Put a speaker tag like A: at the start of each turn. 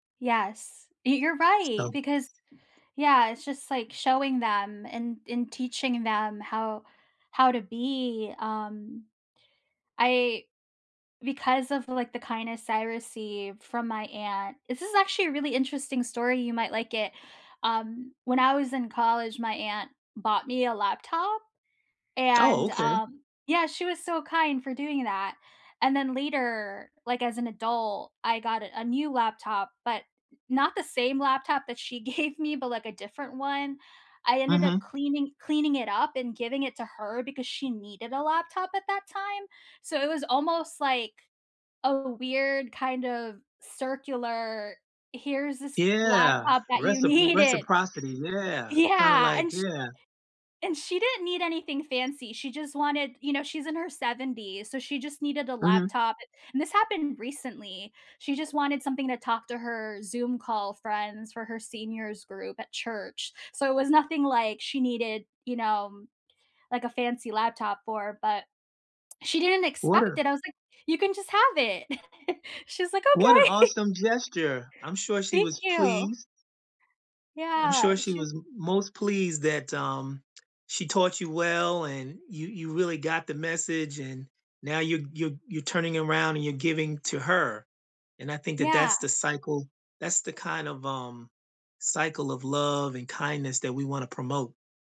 A: Yes, y you're right,
B: So
A: because yeah, it's just, like, showing them and and teaching them how how to be, um, I because of, like, the kindness I receive from my aunt this is, actually, a really interesting story, you might like it. Um, when I was in college, my aunt bought me a laptop,
B: Oh,
A: and,
B: okay.
A: um yeah, she was so kind for doing that, and then, later, like, as an adult, I got a a new laptop, but n not the same laptop that she gave me, but, like, a different one. I ended up
B: Mhm.
A: cleaning cleaning it up and giving it to her because she needed a laptop at that time. So, it was almost, like, a weird, kind of circular here's this
B: Yeah,
A: laptop that you
B: recip
A: needed.
B: reciprocity, yeah, kinda,
A: Yeah,
B: like
A: and sh
B: yeah.
A: and she didn't need anything fancy, she just wanted, you know, she's in her 70s, so she just needed a
B: Mhm.
A: laptop, and this happened recently. She just wanted something to talk to her Zoom call friends, for her seniors group at church. So, it was nothing, like, she needed, you know, like, a fancy laptop for, but. She didn't
B: What
A: expect
B: a
A: it, I was like, "You can just have it." She's like,
B: what an
A: "Okay."
B: awesome gesture, I'm sure she was
A: Thank you.
B: pleased. I'm
A: Yeah,
B: sure she
A: sh
B: was m most pleased that, um, she taught you well, and you you really got the message, and now you're you're you're turning around and you're giving to her, and, I think that
A: Yeah.
B: that's the cycle that's the kind of, um, cycle of love and kindness that we wanna promote.